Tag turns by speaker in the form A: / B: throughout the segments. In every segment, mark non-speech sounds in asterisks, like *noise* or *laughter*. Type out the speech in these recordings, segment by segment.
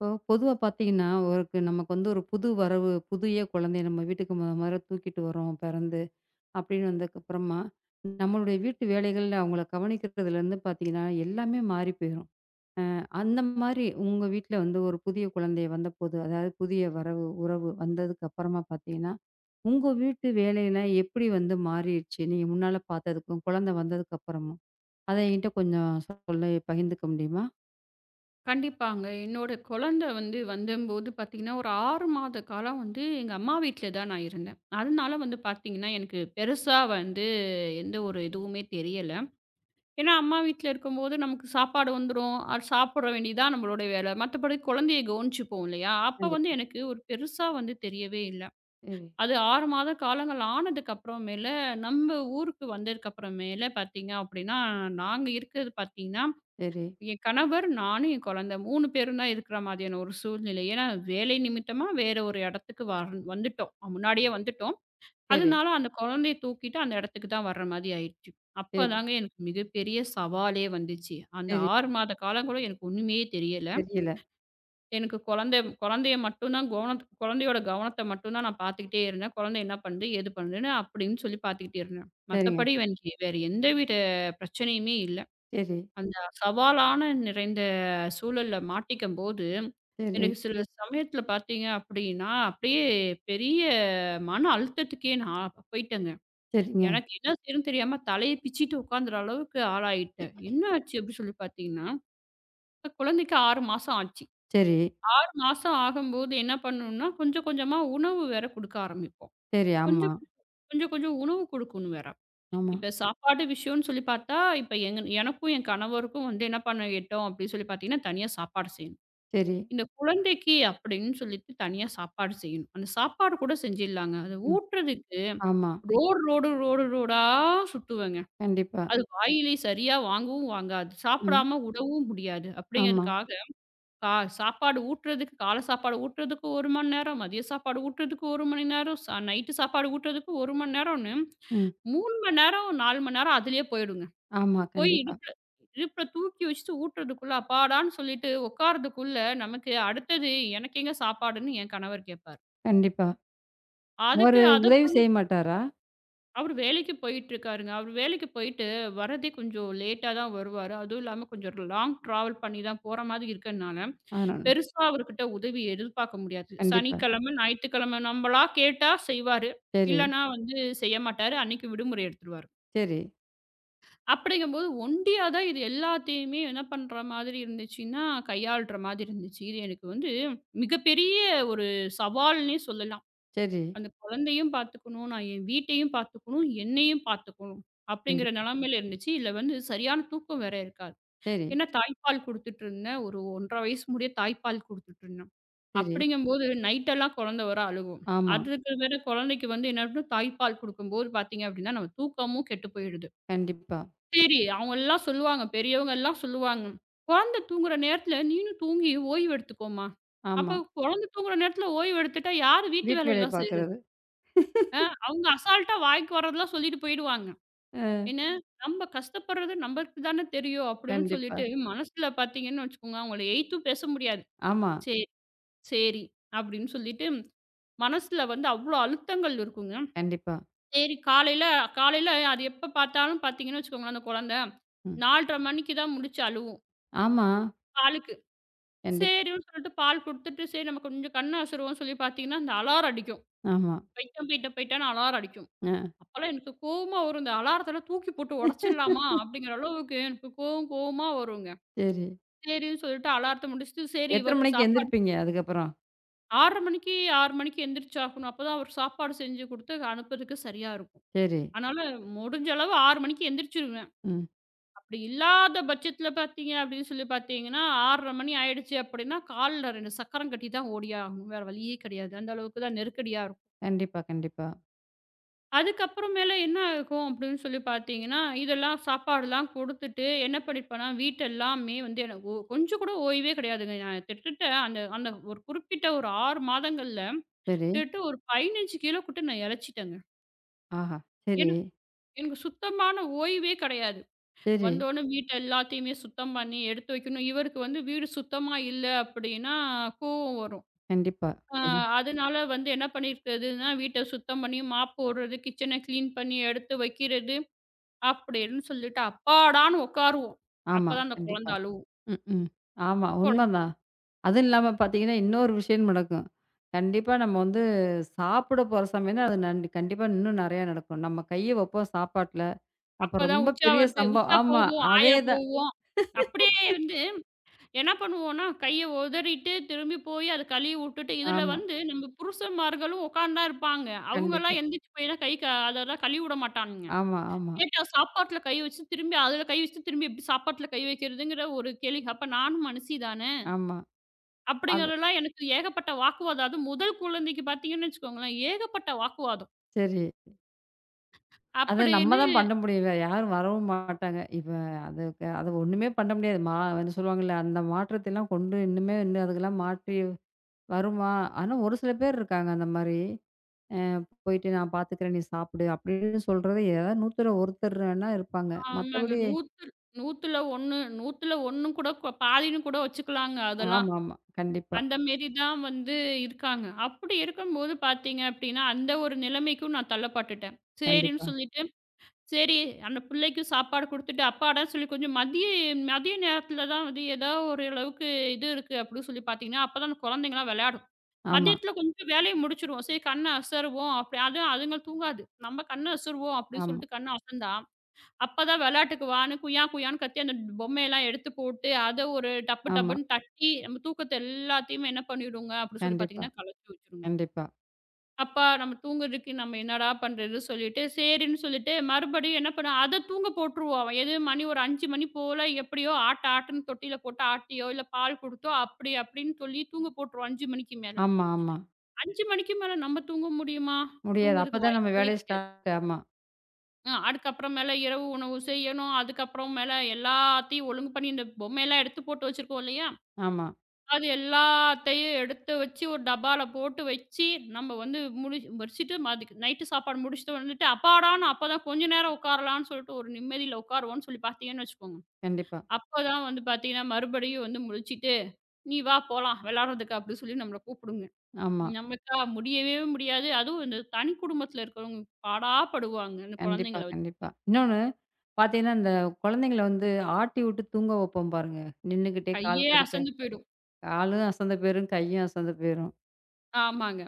A: இப்போ பொதுவா பாத்தீங்கன்னா, ஒருக்கு நமக்கு வந்து ஒரு புது வரவு புதிய குழந்தைய நம்ம வீட்டுக்குத் தூக்கிட்டு வர்றோம். பிறந்து அப்படின்னு வந்ததுக்கு அப்புறமா, நம்மளுடைய வீட்டு வேலைகள்ல, அவங்கள கவனிக்கிறதுல இருந்து பாத்தீங்கன்னா, எல்லாமே மாறிப் போயிரும். அ அந்த மாதிரி, உங்க வீட்டுல வந்து ஒரு புதிய குழந்தை வந்தபோது, அதாவது புதிய வரவு, உறவு வந்ததுக்கு அப்பறமா பாத்தீங்கன்னா, உங்க வீட்டு வேலை எல்லாம் எப்படி வந்து மாறிருச்சு? நீ முன்னால பாத்ததுக்கும், குழந்தை வந்ததுக்கு அப்புறம், அது என்கிட்ட கொஞ்சம் பகிர்ந்துக்க முடியுமா?
B: கண்டிப்பாங்க. என்னோட குழந்தை வந்து வந்த போது, பாத்தீங்கன்னா, ஒரு 6 மாத காலம் வந்து எங்க அம்மா வீட்டுல தான் நான் இருந்தேன். அதனால வந்து பாத்தீங்கன்னா, எனக்குப் பெருசா வந்து எந்த ஒரு இதுவுமே தெரியல. ஏன்னா, அம்மா வீட்டுல இருக்கும் போது நமக்குச் சாப்பாடு வந்துரும். அத சாப்பிட வேண்டியதா நம்மளோட வேல. மத்தபடி குழந்தையக் கவனிச்சுப்போம் இல்லயா? அப்போ வந்து
A: கண்டிப்பா.
B: எனக்கு ஒரு பெருசா வந்து தெரியவே இல்ல. *inhales*
A: சரி.
B: அது 6 மாத காலங்கள் ஆனதுக்கு அப்புறம் மேல, நம்ம ஊருக்கு வந்ததுக்கு அப்பறம், மேல பாத்தீங்கன்னா அப்படினா, நாங்க இருக்குறது பாத்தீங்கன்னா
A: சரி.
B: என் கணவர், நானும், என் குழந்த 3 பேரும் இருக்கிற மாதிரியான ஒரு சூழ்நிலை. ஏன்னா, வேலை நிமித்தமா வேற ஒரு இடத்துக்கு வா வந்துட்டோம், முன்னாடியே வந்துட்டோம். *inhales*
A: சரி.
B: அதனால அந்தக் கொழந்தையத் தூக்கிட்டு அந்த இடத்துக்கு தான் வர்ற மாரி ஆயிடுச்சு. அப்பத்
A: சரி.
B: தாங்க மிகப்பெரிய சவாலே வந்துச்சு. அந்த
A: சரி.
B: 6 மாத காலம் கூட எனக்கு ஒண்ணுமே தெரியல. *inhales*
A: தெரியல.
B: எனக்குக் குழந்த, குழந்தய மட்டும் தான், குழந்தயோட கவனத்த மட்டும் தான் நான் பாத்துக்கிட்டே இருந்தேன். கொழந்த என்ன பண்ணுது, ஏது பண்ணுனு அப்படின்னு சொல்லிப் பாத்துக்கிட்டே இருந்தேன்.
A: சரிங்க.
B: மத்தபடி வேற எந்த ஒரு பிரச்சனையுமே இல்ல.
A: சரி.
B: அந்தச் சவாலான நிறைந்த சூழல்ல மாட்டிக்கும்போது,
A: சரி.
B: எனக்குச் சில சமயத்துல பாத்தீங்கன்னா அப்படியே பெரிய மன அழுத்தத்துக்கே நான் பேயிட்டேன்ங்க. *inhales*
A: சரிங்க.
B: எனக்கு என்ன செய்யறதுன்னு தெரியாம தலயைப் பிச்சிட்டு உக்காந்துற அளவுக்கு ஆளாயிட்டன்.
A: *clears throat*
B: என்ன ஆச்சு அப்படி சொல்லிப் பாத்தீங்கன்னா, கொழந்தைக்கு 6 மாசம் ஆச்சு.
A: சரி.
B: 6 மாசம் ஆகும்போது என்ன பண்ணனும்னா, கொஞ்சம் கொஞ்சமா உணவு வேற குடுக்க ஆரம்பிப்போம்.
A: சரி, ஆமா.
B: கொஞ்சம் கொஞ்சம் கொஞ்சமா உணவு குடுக்கணும் வேற.
A: ஆமா.
B: இப்ப சாப்பாடு விஷயம்னு சொல்லிப் பாத்தா, இப்ப எங்க எனக்கும் என் கணவருக்கும் வந்து என்ன பண்ண எட்டும் அப்படின்னு சொல்லிப் பாத்தீங்கன்னா, தனியா சாப்பாடு செய்யணும்.
A: சரி.
B: இந்தக் குழந்தைக்கு அப்படின்னு சொல்லிட்டு தனியா சாப்பாடு செய்யணும். அந்தச் சாப்பாடும் கூடச் செஞ்சுலாங்க. அதை
A: ம்.
B: ஊற்றுறதுக்கு
A: ஆமா.
B: ரோடு, ரோடு, ரோடு, ரோடா சுத்துவங்க.
A: கண்டிப்பா.
B: அது வாயிலே சரியா வாங்கவும் வாங்காது.
A: ம்.
B: சாப்பிடாம உடவும் முடியாது
A: ஆமா.
B: அப்படிங்கறதுக்காகச் சா சாப்பாடு ஊட்டுறதுக்கு காலைச் சாப்பாடு ஊட்டுறதுக்கு 1 மணி நேரம், மதிய சாப்பாடு ஊட்டுறதுக்கு 1 மணி நேரம், நைட் சாப்பாடு ஊட்டுறதுக்கு 1 மணி நேரம்.
A: ம்.
B: 3 மணி நேரம், 4 மணி நேரம் அதுலயே போயிடுங்க.
A: ஆமா.
B: போய்
A: கண்டிப்பா.
B: இடுப்புல, இடுப்புல தூக்கி வச்சி ஊத்துறதுக்குள்ள, அப்பாடான்னு சொல்லிட்டு உக்காறதுக்குள்ள, நமக்கு அடுத்தது, "எனக்கு எங்க சாப்பாடுன்னு" என் கணவர் கேப்பாரு.
A: கண்டிப்பா,
B: அதுக்கு
A: ஒரு
B: அத
A: உதவி
B: பண்ணி.
A: செய்ய மாட்டாரா?
B: அவரு வேலைக்கு போயிட்டுருக்காருங்க. அவரு வேலைக்கு போயிட்டு வர்றதே கொஞ்சம் லேட்டா தான் வருவாரு. அதுவும் இல்லாம கொஞ்சம் லாங் ட்ராவல் பண்ணித்தான் போற மாரி இருக்கனால,
A: ஆனா.
B: பெருசா அவர்கிட்ட உதவி எதிர்பார்க்க முடியாது.
A: கண்டிப்பா.
B: சனிக்கிழமை, ஞாயிற்றுக்கிழமை நம்மளா கேட்டா செய்வாரு.
A: சரி.
B: இல்லனா வந்து செய்யமாட்டாரு. அன்னைக்கு விடுமுறை எடுத்துருவாரு.
A: சரி.
B: அப்டிங்கும்போது ஒண்டியா தான் இது எல்லாத்தையுமே என்ன பண்ற மாதிரி இருந்துச்சுன்னா கையாளுற மாதிரி இருந்துச்சு. இது எனக்கு வந்து மிகப்பெரிய ஒரு சவால்ன்னே சொல்லலாம்.
A: சரி.
B: அந்த குழந்தையும் பாத்துக்கணும், நான் என் வீட்டையும் பாத்துக்கணும், என்னையும் பாத்துக்கணும் அப்படிங்கிற
A: கண்டிப்பா.
B: நிலைமையில இருந்துச்சு. இதுல வந்து சரியான தூக்கம் வேற இருக்காது.
A: சரி.
B: ஏன்னா தாய்ப்பால் குடுத்துட்டு இருந்தேன். ஒரு ஒன்றரை வயசு முடிய தாய்ப்பால் குடுத்துட்டு இருந்தேன்.
A: சரி.
B: அப்டிங்கும்போது நைட் எல்லாம் குழந்த வர அழுவும்.
A: ஆமா.
B: அதுக்கு வேற குழந்தைக்கு வந்து என்ன பண்ண தாய்ப்பால் கொடுக்கும்போது பாத்தீங்கன்னா நம்ம தூக்கமும் கெட்டு போயிடுது.
A: கண்டிப்பா.
B: சரி அவங்க எல்லாம் சொல்லுவாங்க. பெரியவங்க எல்லாம் சொல்லுவாங்க. குழந்தை தூங்குற நேரத்துல நீயும் தூங்கி ஓய்வு எடுத்துக்கோமா, அப்ப
A: ஆமா.
B: குழந்தை தூங்குற நேரத்துல ஓய்வு எடுத்துட்டா யாரு வீட்டு
A: வீட்டு
B: வேலை
A: வேலையா
B: எல்லாம் செய்யுறது.
A: பாக்கறது. *laughs*
B: அவுங்க அசால்ட்டா வாய்க்கு வர்றதெல்லாம் சொல்லிட்டு போயிடுவாங்க.
A: அ.
B: ஏன்னாக்ஷ நம்ம கஷ்டப்படுறது நமக்குத் தான தெரியும், அப்டின்னு
A: கண்டிப்பா.
B: சொல்லிட்டு மனசுல பாத்தீங்கன்னு வச்சுக்கோங்க. அவுங்கள ஏய்த்து பேச முடியாது.
A: ஆமா.
B: செரி, செரி அப்டின்னு சொல்லிட்டு, மனசுல வந்து அவ்ளோ அழுத்தங்கள் இருக்குங்க.
A: கண்டிப்பா.
B: செரி காலையில காலையில அது எப்ப பாத்தாலும் பாத்தீங்கன்னா, குழந்தை
A: ம்.
B: 4 1/2 மணிக்குத் தான் முழுச்சு அழுவும்
A: ஆமா.
B: பாலுக்கு.
A: கண்டிப்பா.
B: சேரின்னு சொல்லிட்டு பால் குடுத்துட்டு சரி நமக்குக் கொஞ்சம் கண்ண அசுருவோம்ன்னு சொல்லிப் பாத்தீங்கன்னா அந்த அலாரம்
A: ஆமா.
B: அடிக்கும்.போயிட்டேன் போயிட்டேன் போய்ட்டேன்னு அலாரம் அடிக்கும்.
A: அ.
B: அப்பலாம் எனக்குக் கோவமா வரும். அந்த அலாரத்தலாம் தூக்கி போட்டு ஒடைச்சிட்லாமா!
A: *laughs*
B: அப்பிடிங்கிற அளவுக்கு எனக்குக் கோவம் கோவமா வருங்க.
A: சரி.
B: சேரின்னு சொல்லிட்டு அலாரத்த முடிச்சிட்டு சரி
A: எத்தனை
B: இவருக்குச்
A: மணிக்கு
B: சாப்பாடு
A: எழுந்திருப்பீங்க அதுக்கப்புறம்?
B: 6:30 மணிக்கு 6:00 மணிக்கு எந்திரிச்சு ஆகணும். அப்பதான் அவரு சாப்பாடு செஞ்சு கொடுத்து அனுப்புவதற்கு சரியா இருக்கும்.
A: சரி.
B: ஆனாலும் முடிஞ்ச அளவு 6:00 மணிக்கு எந்திரிச்சுருவேன்.
A: ம்.
B: அப்பிடி இல்லாத பட்சத்தில பாத்தீங்க அப்பிடின்னு சொல்லிப் பாத்தீங்கன்னா 6:30 மணி ஆயிடுச்சு அப்பிடின்னா கால்ல ரெண்டு சக்கரம் கட்டிதான் ஓடியாகணும். வேற வழியே கெடையாது. அந்த அளவுக்குத் தான் நெருக்கடியா இருக்கும்.
A: கண்டிப்பா. கண்டிப்பா.
B: அதுக்கப்புறம் மேல என்ன ஆகும் அப்பிடின்னு சொல்லிப் பாத்தீங்கன்னா, இதெல்லாம் சாப்பாடெல்லாம் குடுத்துட்டு என்ன பண்ணிப்பன்னா, வீட்ட எல்லாமே வந்து எனக்குக் கொ கொஞ்சம் கூட ஓய்வே கிடையாதுங்க. நான் கிட்டத்தட்ட அந்த ஒரு குறிப்பிட்ட ஒரு 6 மாதங்கள்ல
A: சரி.
B: கிட்டதட்ட ஒரு 15 கிலோ நான் எளச்சிட்டேங்க.
A: ஆஹா. சரி.
B: எனக் எனக்குச் சுத்தமான ஓய்வே கெடையாது
A: சரி.
B: வந்தவுன வீட்ட எல்லாத்தையுமே சுத்தம் பண்ணி எடுத்து வைக்கணும். இவருக்கு வந்து வீடு சுத்தமா இல்ல. அப்பிடின்னா கோவம் வரும்.
A: கண்டிப்பா.
B: ஆ,
A: *unintelligible*
B: அதனால வந்து என்ன பண்ணிக்கிறதுன்னா, வீட்ட சுத்தம் பண்ணி மாப் போடுறது கிச்சன கிளீன் பண்ணி எடுத்து வைக்கிறது. அப்பிடின்னு சொல்லிட்டு அப்பாடான்னு உக்காருவோம்.
A: ஆமா.
B: அப்பத் தான் அந்தக்
A: கண்டிப்பா.
B: குழந்தை அழுவும்.
A: ம்ஹ்ம். ஆமா.
B: கொழ
A: உண்மைதான். அது இல்லாம பார்த்தீங்கன்னா இன்னொரு விஷயமும் நடக்கும். கண்டிப்பா நம்ம வந்து சாப்பிட போற சமயம்தான் அது கண் கண்டிப்பா இன்னும் நறைய நடக்கும். நம்ம கைய வைப்போம் சாப்பாட்ல. அப்ப
B: அப்பத் தான்
A: ரொம்ப
B: உச்சா
A: பெரிய
B: வருது.
A: சம்ப
B: உச்சா
A: ஆமா
B: போகும் ஆயா
A: அதேதான்.
B: போகும். அப்பிடியே
A: *laughs*
B: இருந்து என்ன பண்ணுவோன்னா கைய ஒதறிட்டு திரும்பிப் போய் அத கழுவி விட்டுட்டு இதுல
A: ஆமா.
B: வந்து நம்ம புருஷன்மார்களும் உக்காந்தா இருப்பாங்க. அவுங்கல்லாம்
A: கண்டிப்பா.
B: எந்திரிச்சு போய்லாம் கை, கா அதெல்லாம் கழுவி விடமாட்டானுங்க.
A: ஆமா, ஆமா.
B: சாப்பாட்டுல கை வச்சி திரும்பி அதுல கை வச்சி திரும்பிச் சாப்பாட்டுல கை வைக்குறதுங்குற ஒரு கேள்வி. அப்ப நானும் மனுஷிதானே!
A: ஆமா. அது.
B: அப்பிடிங்கறதெல்லாம் எனக்கு ஏகப்பட்ட வாக்குவாதம். அது முதல் குழந்தைக்கு பாத்தீங்கன்னு வச்சுக்கோங்களேன், ஏகப்பட்ட வாக்குவாதம்.
A: சரி. அத நம்ம
B: அப்டின்னு
A: தான் பண்ண முடியும்ல. யாரும் வரவும் மாட்டாங்க. இப்ப அதுக்கு அது ஒண்ணுமே பண்ண முடியாது. மா வந்து சொல்லுவாங்கள்ள அந்த மாற்றத்தைலாம் கொண்டு இன்னுமே இன்னு அதுகெலாம் மாற்றி, வருமா? ஆனா ஒரு சில பேர் இருக்காங்க அந்த மாரி. அ போயிட்டு நான் பாத்துக்குறேன், நீ சாப்புடு. அப்டின்னு சொல்றதே ஏதா நூத்துல ஒருத்தர் வேணா
B: ஆமாங்க.
A: இருப்பாங்க.மத்தபடி
B: நூத்துல் நூத்துல ஒண்ணு நூத்துல ஒண்ணு கூட கோ பாதின்னு கூட வச்சுக்கலாங்க அதெல்லாம்.
A: ஆமாமா. கண்டிப்பா.
B: அந்த மாரி தான் வந்து இருக்காங்க. அப்டி இருக்கும்போது பாத்தீங்க அப்டின்னா, அந்த ஒரு நிலைமைக்கும் நான் தள்ளப்பட்டுட்டன். சரின்னு
A: கண்டிப்பா.
B: சொல்லிட்டு சரி அந்தப் பிள்ளைக்கு சாப்பாடு குடுத்துட்டு அப்பாடான்னு சொல்லி கொஞ்சம் மதியம் மதியம் நேரத்துல தான் வந்து எதோ ஒரு அளவுக்கு இது இருக்கு அப்டின்னு சொல்லிப் பாத்தீங்கன்னா, அப்ப தான் அந்த குழந்தைங்கெல்லாம் விளையாடும்.
A: ஆமா.
B: மதியத்துல கொஞ்சம் வேலையை முடிச்சுருவோம்.சரி கண்ண அசருவோம். அப்டி அதுவும் அதுங்கள் தூங்காது. நம்ம கண்ண அசருவோம் அப்டின்னு
A: ஆமா.
B: சொல்லிட்டு கண்ண அசந்தா, அப்பதான் விளையாட்டுக்கு வான்னு குய்யா, குய்யானு கத்தி அந்தப் பொம்மையெல்லாம் எடுத்துப் போட்டு. அத ஒரு டப்பு,
A: ஆமா.
B: டப்புன்னு தட்டி நம்ம தூக்கத்த எல்லாத்தையுமே என்ன பண்ணிடுங்க அப்டின்னு சொல்லிப்
A: கண்டிப்பா.
B: பாத்தீங்கன்னா கலச்சு வச்சிருங்க.
A: கண்டிப்பா.
B: அப்பா, நம்ம தூங்குறதுக்கு நம்ம என்னடா பண்றது சொல்லிட்டு சேரின்னு சொல்லிட்டு மறுபடியும் என்ன பண்ண அத தூங்க போட்ருவோம். எது மணி ஒரு 5 மணி போல எப்டியோ ஆட்டு, ஆட்டுன்னு தொட்டியில போட்டு ஆட்டியோ, இல்ல பால் குடுத்தோ அப்டி, அப்டின்னு சொல்லித் தூங்க போட்ருவோம் 5 மணிக்கு மேல.
A: ஆமா, ஆமா.
B: 5 மணிக்கு மேல நம்ம தூங்க முடியுமா?
A: முடியாது.
B: தூங்கறதுக்கு
A: அப்பதான் நம்ம
B: வாய்ப்பே
A: வேலையே
B: கிடையாது.
A: ஸ்டார்ட்ட் ஆமா.
B: அ. அதுக்கு அப்புறம் மேல இரவு உணவு செய்யணும். அதுக்கு அப்புறம் மேல எல்லாத்தையும் ஒழுங்கு பண்ணி, இந்தப் பொம்மையெல்லாம் எடுத்துப் போட்டு வச்சிருக்கோம் இல்லையா?
A: ஆமா.
B: அது எல்லாத்தையும் எடுத்து வச்சு ஒரு டப்பாவுல போட்டு வச்சி நம்ம வந்து முடி முடிச்சுட்டு மறுபடிக்கும் நைட் சாப்பாடு முடிச்சுட்டு வந்துட்டா, அப்பாடா. அப்பத்தான் கொஞ்சம் நேரம் உக்காரலாம்னு சொல்லிட்டு ஒரு நிம்மதியில உக்காருவோம்னு சொல்லிப் பாத்தீங்கன்னு வச்சுக்கோங்க.
A: கண்டிப்பா.
B: அப்பத்தான் வந்து பாத்தீங்கன்னா, மறுபடியும் வந்து முழிச்சிட்டு "நீ வா, போலாம் வெளாடுறதுக்கு," அப்படிச் சொல்லி நம்மள கூப்புடுங்க. ம்.
A: ஆமா.
B: நம்மளுக்கா முடியவே முடியாது. அதுவும் இந்தத் தனிக் குடும்பத்துல இருக்கறவங்க பாடா படுவாங்க, இந்த
A: கண்டிப்பா.
B: கொழந்தைங்கள வச்சு.
A: கண்டிப்பா. இன்னொன்னு, பாத்தீங்கன்னா, அந்த கொழந்தைகள வந்து ஆட்டிவிட்டுத் தூங்க வெப்போம் பாருங்க. நின்னுக்கிட்டே கால்
B: கையே
A: கடுக்க,
B: அசந்து போயிடும்.
A: காலும் அசந்து போயிரும், கையும் அசந்து போயிரும்.
B: ஆமாங்க.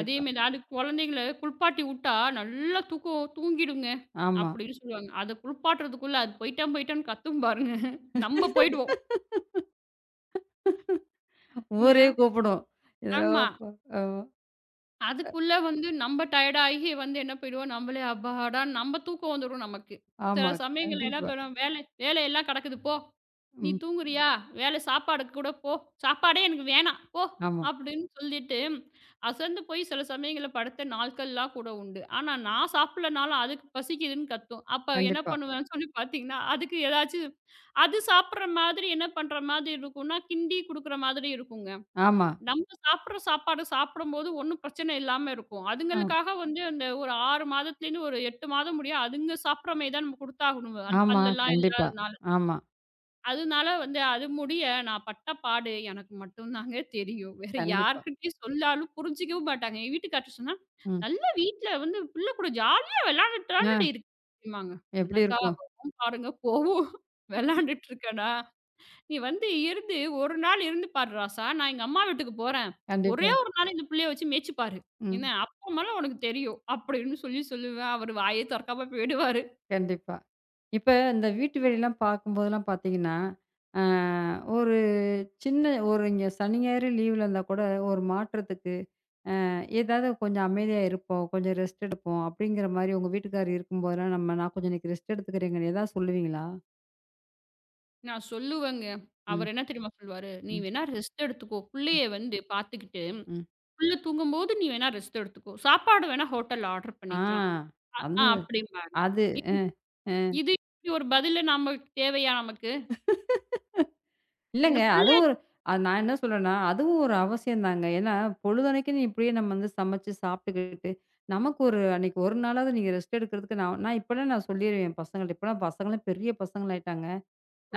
B: அதே மாரி அந்த கொழந்தைங்கள குளிப்பாட்டி உட்டா நல்லா தூக்க தூங்கிடுங்க.
A: ஆமா.
B: அப்படின்னு சொல்லுவாங்க. அத குளிப்பாட்டுறதுக்குள்ள, "அது போயிடம், போயிடம்,"ன்னு கத்தும் பாருங்க. நம்ப போயிடுவோம்.
A: *laughs*
B: என்ன?
A: ஊரே கூப்புடும். *unintelligible*
B: ஆமா.
A: ஆமா. ஆ.
B: அதுக்குள்ள வந்து நம்ப டயர்டு ஆகி வந்து என்ன, போயிறுவோம். நம்மளே, அப்பாடா, நம்ப தூக்கம் வந்துரும் நமக்கு. சில
A: ஆமா.
B: சமயங்கள்ல எல்லா
A: கண்டிப்பா.
B: பண்ணுவோ வேல வேல எல்லாம் கெடக்குது "போ, நீ
A: ம்.
B: தூங்குறியா? வேல, சாப்பாட்டுக்குக் கூடப் போ." "சாப்பாடே எனக்கு வேணாம், போ,"
A: ஆமா.
B: அப்படின்னு சொல்லிட்டு அசந்து போய் சில சமயங்கள்ல படுத்த நாட்களெல்லாம் கூட உண்டு. ஆனா நான் சாப்பிடலன்னாலும் அதுக்குப் பசிக்குதுன்னு கத்தும். அப்ப என்ன
A: கண்டிப்பா.
B: பண்ணுவேன் சொல்லி பாத்தீங்கன்னா, அதுக்கு எதாச்சும் அது சாப்புடுற மாதிரி என்ன பண்ற மாதிரி இருக்கும்னா? கிண்டிக் குடுக்கற மாதிரி இருக்குங்க.
A: ஆமா.
B: நம்ம சாப்புடுற சாப்பாடு சாப்பிடும்போது ஒண்ணும் பிரச்சனை இல்லாம இருக்கும்.
A: ஆம்.
B: அதுங்களுக்காக வந்து ஒரு 6 மாதத்துல இருந்து ஒரு 8 மாதம் முடிய, அதுங்க சாப்புடுற மாரி தான் குடுத்தாகணுங்க. அது
A: ஆமா.
B: பல்லெல்லாம்
A: கண்டிப்பா.
B: இல்லாதனால.
A: ஆமா.
B: அதனால வந்து, அது முடிய நான் பட்ட பாடு எனக்கு மட்டும் தாங்க தெரியும். வேற
A: கண்டிப்பா.
B: யார்கிட்டயும் சொல்லாலும் புரிஞ்சிக்கவும் மாட்டாங்க. எங்க வீட்டுக்காரர் கிட்ட சொன்னா,
A: ம்.
B: "நல்ல வீட்ல வந்து புள்ள கூட ஜாலியா விளையாண்டுட்டு தானடி
A: அ.
B: இருக்க."
A: எப்படி
B: என்னக்கா
A: இருக்கும்?
B: வரும் பாருங்க கோவம். "விளையாண்டுட்டு இருக்கேனா? நீ வந்து இருந்து ஒரு நாள் இருந்து பாரு ராசா. நான் எங்க அம்மா வீட்டுக்குப் போறேன். ஒரே
A: கண்டிப்பா.
B: ஒரு நாள் இந்தப் புள்ளைய வச்சு மேய்ச்சு பாரு. என்ன
A: ம்.
B: அப்புறம்மேல உனக்குத் தெரியும்." அப்படின்னு சொல்லிச் சொல்லி அவரு வாயே தொறக்காம போயிடுவாரு.
A: கண்டிப்பா. இப்ப இந்த வீட்டு வேலை எல்லாம் பார்க்கும்போது எல்லாம் பார்த்தீங்கன்னா, அ ஒரு சின்ன ஒரு இங்க சனி, ஞாயிறு லீவ்ல இருந்தா கூட, ஒரு மாற்றத்துக்கு அ ஏதாவது கொஞ்சம் அமைதியா இருப்போம். கொஞ்சம் ரெஸ்ட் எடுப்போம் அப்படிங்கற மாரி உங்க வீட்டுக்காரர் இருக்கும்போதுனா, நம்ம நான் கொஞ்சம் இன்னைக்கு ரெஸ்ட் எடுத்துக்குறேங்கனு ஏதாவது சொல்லுவீங்களா?
B: நான் சொல்லுவேங்க.
A: ம்.
B: அவரு என்ன தெரியுமா சொல்லுவாரு. "நீ
A: ம்.
B: வேணா ரெஸ்ட் எடுத்துக்கோ.
A: ம்.
B: புள்ளைய வந்து பாத்துகிட்டு,
A: ம்.
B: புள்ள தூங்கும்போது நீ வேணா ரெஸ்ட் எடுத்துக்கோ. சாப்பாடு வேண்னா ஹோட்டல்ல ஆர்டர்
A: ஆ.
B: பண்ணிக்கலாம்." அ
A: அது,
B: அப்படின்ம்பாங்க.
A: அது.
B: இது
A: ம். ம்.
B: இது இப்பிடி ஒரு பதிலு நமக்குத் தேவையா, நமக்கு?
A: *laughs*
B: என்ன
A: இல்லைங்க.
B: புள்ள
A: அதுவும் ஒரு அ நான் என்ன சொல்றேன்னா, அதுவும் ஒரு அவசியம் தாங்க. ஏன்னா, பொழுதன்னைக்கும் இப்படியே நம்ம சமைச்சு, சாப்பிட்டுக்கிட்டு நமக்கு ஒரு அன்னைக்கு ஒரு நாளாவது நீங்க ரெஸ்ட் எடுக்குறதுக்கு நான் இப்பனா சொல்லிருவேன பசங்கட்ட. இப்பலா பசங்க பெரிய பசங்களாயிட்டாங்க.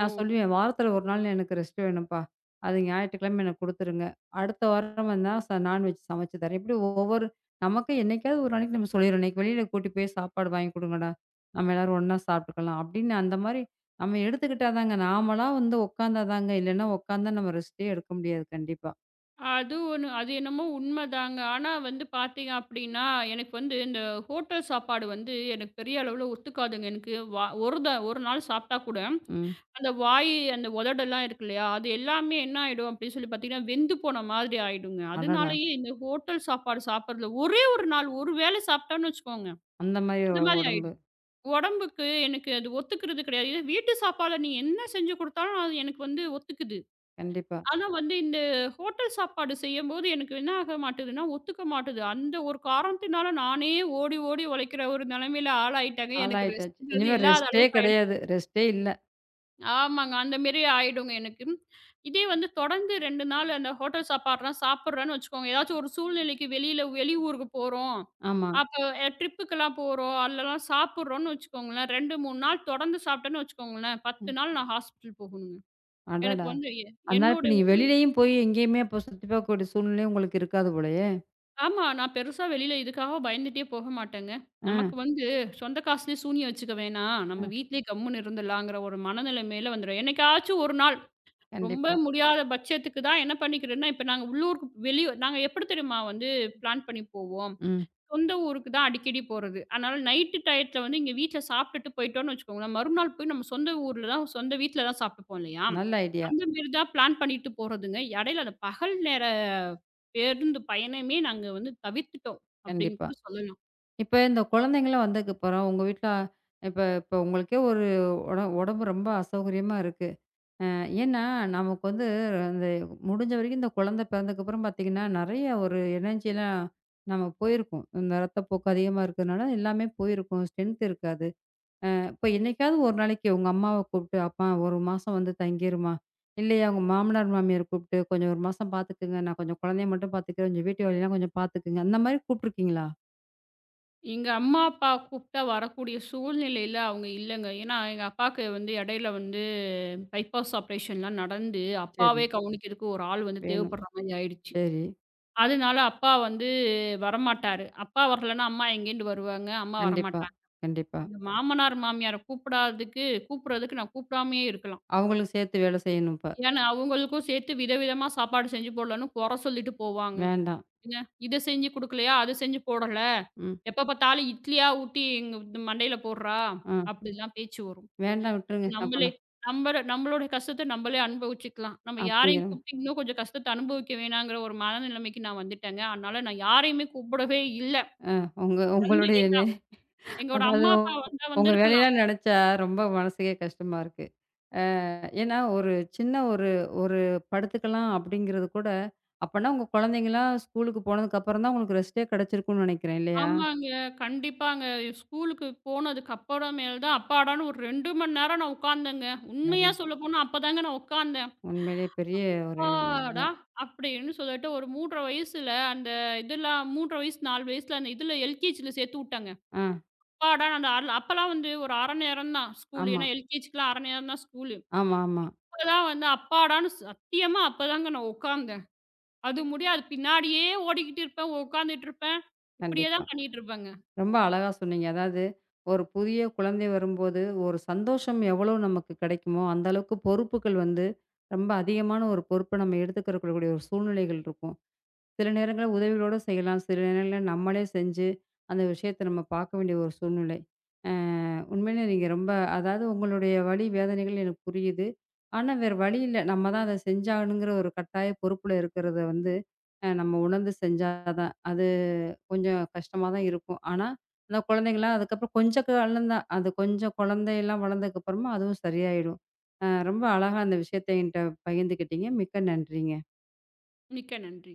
A: நான் சொல்லுவேன். வாரத்துல ஒரு நாள் எனக்கு ரெஸ்ட் வேணும்ப்பா. அது ஞாயிற்றுக்கிழமை எனக்குக் குடுத்துருங்க. அடுத்த வாரம் வேணுனா ச நான்வெஜ் சமைச்சுத் தரேன். இப்படி ஒவ்வொரு நமக்கே என்னைக்காவது ஒரு நாளைக்கு நம்ம சொல்லிருவேன். இன்னைக்கு வெளியில கூட்டிட்டு போய் சாப்பாடு வாங்கி குடுங்கடா. நாம எல்லாரும் ஒண்ணா சாப்பிட்டுக்கலாம் அப்படின்னு. அந்த மாரி நாம எடுத்துக்கிட்டாதாங்க. நாமளா வந்து உக்காந்தாதாங்க. இல்லைன்னா உக்காந்தா நாம ரெஸ்டே எடுக்க முடியாது. கண்டிப்பா.
B: அது ஒன்னு. அது என்னமோ உண்மதாங்க. ஆனா வந்து பாத்தீங்க அப்புடின்னா எனக்கு வந்து இந்த ஹோட்டல் சாப்பாடு வந்து எனக்குப் பெரிய அளவுல ஒத்துக்காதுங்க. எனக்கு வ ஒரு த ஒரு நாள் சாப்பிட்டா கூட
A: ம்.
B: அந்த வாய் அந்த உதடுல்லாம் இருக்கு இல்லையா? அது எல்லாமே என்ன ஆயிடும் அப்படின்னு சொல்லி பாத்தீங்கன்னா வெந்து போன மாதிரி ஆயிடுங்க.
A: அடடா!
B: அதனாலே இந்த ஹோட்டல் சாப்பாடு சாப்பிடறது ஒரே ஒரு நாள். ஒரு வேளை சாப்பிட்டோம்னு வச்சுக்கோங்க.
A: அந்த மாரி
B: அது
A: ஒரு
B: மாதிரி
A: உடம்பு.
B: ஆயிடும். உடம்புக்கு எனக்கு அது ஒத்துக்கறது கிடையாது. இதே வீட்டு சாப்பாட நீங்க என்ன செஞ்சு கொடுத்தாலும் அது எனக்கு வந்து ஒத்துக்குது.
A: கண்டிப்பா.
B: ஆனா வந்து இந்த ஹோட்டல் சாப்பாடு செய்யும்போது எனக்கு என்ன ஆகமாட்டேதுன்னா. ஒத்துக்க மாட்டேகுது. அந்த ஒரு காரணத்தினால நானே ஓடி, ஓடி உழைக்கிற ஒரு நிலைமையில ஆளாயிட்டமே. எனக்கு
A: ஆளாயிட்டாச்சு.
B: ரெஸ்ட்
A: இனிமே
B: இல்லாத
A: ரெஸ்ட்டே
B: அளவுக்கு ஆயிடுச்சு.
A: கிடையாது. ரெஸ்ட்டே இல்ல.
B: ஆமாங்க. அந்த மாரி ஆயிடும். எனக்கு இதே வந்து தொடர்ந்து 2 நாள் அந்த ஹோட்டல் சாப்பாட்லாம் சாப்பிடுறேன்னு வச்சுக்கோங்க. எதாச்சு ஒரு சூழ்நிலைக்கு வெளியில வெளி ஊருக்குப் போறோம்.
A: ஆமா.
B: அப்ப ட்ரிப்க்கு எல்லாம் போறோம். அதெல்லாம் சாப்பிடுறோம்ன்னு வச்சுக்கோங்கலே. 2, 3 நாள் தொடர்ந்து சாப்பிட்டோம்னு வச்சுக்கோங்கலே. 10
A: ம்.
B: நாள் நான் ஹாஸ்பிடல் போகும். எனக்கு
A: அடடா!
B: வந்து
A: அதனால இப்ப
B: என்னுடைய
A: நீ
B: உடல்.
A: வெளிலையும் போய் எங்கேயுமே போ இப்போ சுத்தி பாக்கக்கூடிய சூழ்நிலையே உங்களுக்கு இருக்காது போலயே.
B: ஆமா, நான் பெருசா வெளில இதுக்காகப் பயந்துட்டே போகமாட்டேங்க.
A: அ.
B: நமக்கு வந்து, சொந்த காசுல சூனியம் வச்சுக்க வேண்டா. நம்ம
A: அ.
B: வீட்டிலயே கம்முன்னு இருந்துறலாம்ங்கிற ஒரு மனநெலைமையில வந்துறோம். என்னைக்காச்சும் ஒரு நாள் ரொம்ப
A: கண்டிப்பா.
B: முடியாத பட்சத்துக்கு தான் என்ன பண்ணிக்கறேன்னா, இப்ப நாங்க உள்ளூர் வெளி நாங்க எப்படி தெரியுமா வந்து பிளான் பண்ணி போவோம்.
A: ம்.
B: சொந்த ஊருக்கு தான் அடிக்கடி போறது. ஆனால் நைட் டையத்துல வந்து இங்க வீட்டுல சாப்பிட்டுட்டு போயிட்டோம்னு வச்சுக்கோங்க, மறுநாள் போய் நம்ம சொந்த ஊர்ல தான், சொந்த வீட்டுல தான் சாப்ட்ருப்போம் இல்லையா?
A: நல்ல ஐடியா.
B: அந்த மாரி தான் பிளான் பண்ணிட்டு போறதுங்க. இடையில, அந்த பகல் நேர பேருந்து பயணமே, நாங்க வந்து தவிர்த்துட்டோம் அப்படின்னு
A: கண்டிப்பா!
B: கூட சொல்லலாம்.
A: இப்ப இந்தக் குழந்தைகெல்லாம் வந்தத்துக்குப்பறம், உங்க வீட்ல இப்ப உங்களுக்கே ஒரு உடம்பு ரொம்ப அசௌகரியமா இருக்கு. என்னா நமக்கு வந்து அந்த முடிஞ்ச வரைக்கும் இந்தக் குழந்த பிறந்ததுக்கு அப்பறம் பாத்தீங்கன்னா, நெறைய ஒரு எனர்ஜியெல்லாம் நமக்கு போயிருக்கும். இந்த ரத்தப்போக்கு அதிகமா இருக்கறனால, எல்லாமே போயிருக்கும். ஸ்ட்ரென்த் இருக்காது. அ அப்போ என்னைக்காவது ஒரு நாளைக்கு உங்க அம்மாவ கூப்பிட்டு, அம்மா! ஒரு மாசம் வந்து தங்கிருமா! இல்லையா, உங்க மாமனார், மாமியார கூப்பிட்டு, கொஞ்சம் ஒரு மாசம் பாத்துக்குங்க. நான் கொஞ்சம் குழந்தையை மட்டும் பாத்துக்குறன். கொஞ்சம் வீட்டு வேலை எல்லாம் கொஞ்சம் பாத்துக்குங்க! அந்த மாதிரி கூப்பிட்டு இருக்கீங்களா?
B: எங்க அம்மா, அப்பா கூப்ட்டா வரக்கூடிய சூழ்நிலைல அவங்க இல்லங்க. ஏன்னா, எங்க அப்பாவுக்கு வந்து இடையில வந்து பைப்பாஸ் ஆப்ரேஷன்லாம் நடந்து,
A: சரி.
B: அப்பாவே கவனிக்கறதுக்கு ஒரு ஆள் வந்து
A: வேணும்.
B: தேவைப்படுரா மாரி ஆயிடுச்சு.
A: சரி.
B: அதனால அப்பா வந்து வரமாட்டாரு. அப்பா வரலன்னா அம்மா எங்கிருந்து வருவாங்க, அம்மா
A: கண்டிப்பா,
B: வரமாட்டாங்க.
A: கண்டிப்பா.
B: மாமனார், மாமியார கூப்படாததுக்கு கூப்பிடுறதுக்கு நான் கூப்படாமயே இருக்கலாம்
A: அவங்களுக்கு சேத்து வேலை செய்யணும் இப்ப.
B: ஏன்னா, அவங்களுக்கும் சேர்த்து வித, விதமா சாப்பாடு செஞ்சு போடலன்னு குறை சொல்லிட்டு போவாங்க.
A: வேண்டாம்.
B: "எங்க இதைச் செஞ்சு குடுக்கலையா? அதை செஞ்சு போடல.
A: ம்.
B: எப்ப பாத்தாலும் இட்லியா ஊட்டி எங்க து மண்டைல போடுறா"
A: ம்.
B: அப்படில்லாம் பேச்சு வரும்.
A: வேண்டாம், விட்டுருங்க
B: நம்மளே
A: அப்பனா.
B: நம்மட நம்மளோடைய கஷ்டத்த நம்மளே அனுபவிச்சுக்கலாம். நம்ம யாரையும்
A: அப்டியா?
B: கூப்பிட்டு இன்னும் கொஞ்சம் கஷ்டத்தை அனுபவிக்க வேணாங்கிற ஒரு மனநிலமைக்கு நான் வந்துட்டேங்க. அதனால நான் யாரையுமே கூப்பிடவே இல்ல.
A: ஆ, உங்க
B: வந்து
A: உங்களுடைய
B: எங்க அப் எங்கோட
A: அதாவது
B: அம்மா,
A: உங்
B: அப்பா வந்தா
A: உங்க
B: வந்திருந்திருக்கலாம்.
A: வேலையெல்லாம் நினைச்சா ரொம்ப மனசுக்கே கஷ்டமா இருக்கு. அ ஏன்னா ஒரு சின்ன ஒரு ஒரு படுத்துக்கலாம் அப்படிங்கறது கூட, அப்பன்னா உங்க குழந்தைகலாம் ஸ்கூல்லுக்கு போனதுக்கு அப்புறம்தான் உங்களுக்கு ரெஸ்ட்டே கிடைச்சிருக்கும்னு நினைக்கிறேன். இல்லையா? சரி.
B: ஆமாங்க, கண்டிப்பாங்க. ஸ்கூல்க்கு போனதுக்கு அப்புறம் மேல்தான் அப்பாடான்னு ஒரு 2 மணி நேரம் நான் உட்காந்தங்க. உண்மையா
A: சரி.
B: சொல்லப்போனா அப்பதாங்க நான் உட்காந்தேன்.
A: உண்மையிலே பெரிய ஒரு இதா.
B: அப்பாடா! அப்படின்னு சொல்லிட்டு ஒரு 3 1/2 வயசுல அந்த இதுலா 3 1/2 வயசு, 4 வயசுல அந்த இதுல எல்கெஜில சேத்துவிட்டங்க.
A: ஆ.
B: அப்பாடா அந்த *unintelligible* அப்பெல்லாம் வந்து ஒரு 1/2 நேரம்தான் ஸ்கூல்லு
A: ஆமா.
B: ஏன்னா எல்கெஜிக்குலாம் 1/2 நேரம்தான் ஸ்கூல்லு
A: ஆமாமா.
B: அப்பெல்லாம் வந்து அப்பாடான்னு, சத்தியமா அப்பதாங்க நான் உட்காந்தேன். அது முடியாது, பின்னாடியே ஓடிக்கிட்டுருப்பேன், உட்கார்ந்துட்டுருப்பேன்.
A: கண்டிப்பா.
B: இப்படியேதான் பண்ணிட்டு இருப்பங்க.
A: ரொம்ப அழகா சொன்னீங்க. அதாது ஒரு புதிய குழந்தை வரும்போது ஒரு சந்தோஷம் எவ்ளோ நமக்கு கிடைக்குமோ, அந்த அளவுக்கு பொறுப்புகள் வந்து ரொம்ப அதிகமான ஒரு பொறுப்பை நம்ம எடுத்துக்கரக்கூடிய கூடிய ஒரு சூழ்நிலைகள் இருக்கும். சில நேரங்கள்ல உதவிகளோடசெய்யலாம். சில நேரங்கள்ல நம்மளே செஞ்சு அந்த விஷயத்தை நம்ம பாக்க வேண்டிய ஒரு சூழ்நிலை. அ, உண்மையிலே நீங்க ரொம்ப அதாவது உங்களுடைய வலி, வேதனைகள் எனக்கு புரியுது. ஆனா வேற வழியில்ல. நம்ம தான் அதை செஞ்சாகணுங்கிற ஒரு கட்டாய பொறுப்புல இருக்கிறதை வந்து அ, நம்ம உணர்ந்து செஞ்சாதான். அது கொஞ்சம் கஷ்டமாதான் இருக்கும். ஆனா அந்தக் குழந்தைகெல்லாம் அதுக்கப்புறம் கொஞ்சம் வளந்தா, அது கொஞ்சம் குழந்தை எல்லாம் வளர்ந்ததுக்கு அப்புறமா அதுவும் சரியாயிடும். அ, ரொம்ப அழகா அந்த விஷயத்தை என்கிட்ட பகிர்ந்துக்கிட்டீங்க. மிக்க நன்றிங்க.
B: மிக்க நன்றி.